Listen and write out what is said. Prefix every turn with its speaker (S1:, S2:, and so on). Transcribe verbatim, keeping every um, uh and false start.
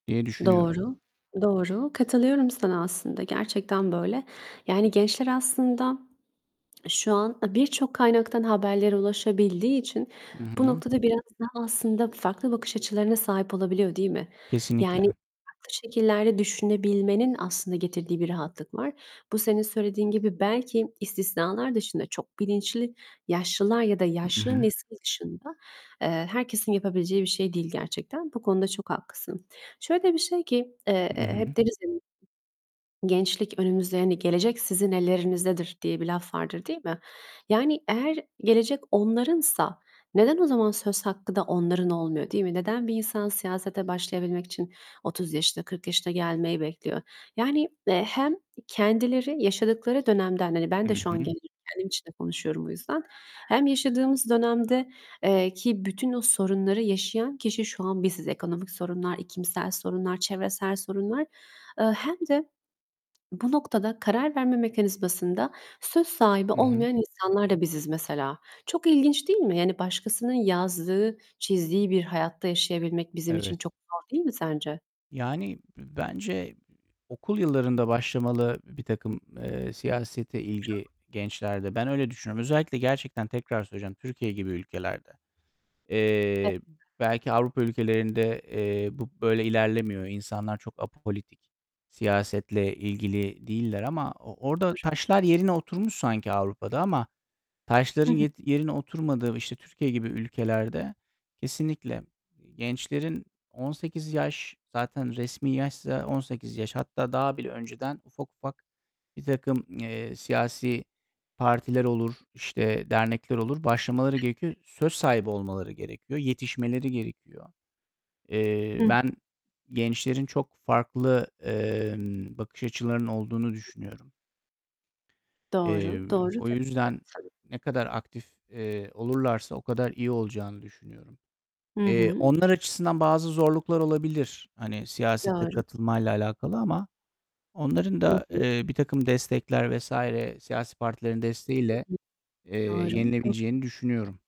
S1: Diye düşünüyorum.
S2: Doğru, doğru. Katılıyorum sana aslında gerçekten böyle. Yani gençler aslında şu an, aaa, birçok kaynaktan haberlere ulaşabildiği için
S1: Hı
S2: bu
S1: hı.
S2: noktada biraz daha aslında farklı bakış açılarına sahip olabiliyor, değil mi? Yani
S1: Kesinlikle.
S2: farklı şekillerde düşünebilmenin aslında getirdiği bir rahatlık var. Bu senin söylediğin gibi belki istisnalar dışında, çok bilinçli yaşlılar ya da
S1: Hı
S2: yaşlı
S1: hı.
S2: nesil dışında, eee, herkesin yapabileceği bir şey değil gerçekten. Bu konuda çok haklısın. Şöyle bir şey ki, eee,
S1: Hı hı.
S2: hep deriz ya, gençlik önümüzde hani, "Gelecek sizin ellerinizdedir." diye bir laf vardır, değil mi? Yani eğer gelecek onlarınsa neden o zaman söz hakkı da onların olmuyor, değil mi? Neden bir insan siyasete başlayabilmek için otuz yaşına, kırk yaşına gelmeyi bekliyor? Yani, eee, hem kendileri yaşadıkları dönemden Hani, ben
S1: Hı
S2: de şu an
S1: hı.
S2: gencim kendim için de konuşuyorum bu yüzden. Hem yaşadığımız dönemde, eee, ki bütün o sorunları yaşayan kişi şu an biziz. Ekonomik sorunlar, iklimsel sorunlar, çevresel sorunlar. Iıı, hem de bu noktada karar verme mekanizmasında söz sahibi
S1: Hı hı.
S2: olmayan insanlar da biziz mesela. Çok ilginç değil mi? Yani başkasının yazdığı, çizdiği bir hayatta yaşayabilmek bizim için
S1: Evet.
S2: çok zor değil mi sence?
S1: Yani b bence okul yıllarında başlamalı birtakım, eee, siyasete ilgi
S2: [unintelligible]
S1: gençlerde. Ben öyle düşünüyorum. Özellikle gerçekten tekrar söyleyeceğim, Türkiye gibi ülkelerde.
S2: Ev
S1: Eee, b belki Avrupa ülkelerinde, eee, bu böyle ilerlemiyor. İnsanlar çok apolitik, siyasetle ilgili değiller ama o orada
S2: [unintelligible]
S1: taşlar yerine oturmuş sanki Avrupa'da ama
S2: Hı
S1: taşların
S2: hı.
S1: ye yerine oturmadığı işte Türkiye gibi ülkelerde kesinlikle gençlerin on sekiz yaş zaten resmi yaşsa on sekiz yaş, hatta daha bile önceden ufak, ufak birtakım, eee, siyasi partiler olur, işte dernekler olur, başlamaları gerekiyor. Söz sahibi olmaları gerekiyor, yetişmeleri gerekiyor. Eee,
S2: Hıh.
S1: ben gençlerin çok farklı, emm, bakış açılarının olduğunu
S2: [unintelligible]
S1: düşünüyorum. Eee,
S2: Doğru, doğru
S1: o yüzden
S2: [unintelligible]
S1: ne kadar aktif, eee, olurlarsa o kadar iyi olacağını düşünüyorum.
S2: Hı
S1: Eee,
S2: hı.
S1: onlar açısından bazı zorluklar olabilir hani, siyasete
S2: Doğru.
S1: katılmayla alakalı ama onların
S2: Hı
S1: da,
S2: hı.
S1: eee, birtakım destekler vs. siyasi partilerin
S2: Hı
S1: desteğiyle,
S2: hı.
S1: eee,
S2: Doğru. Do
S1: yenilebileceğini düşünüyorum.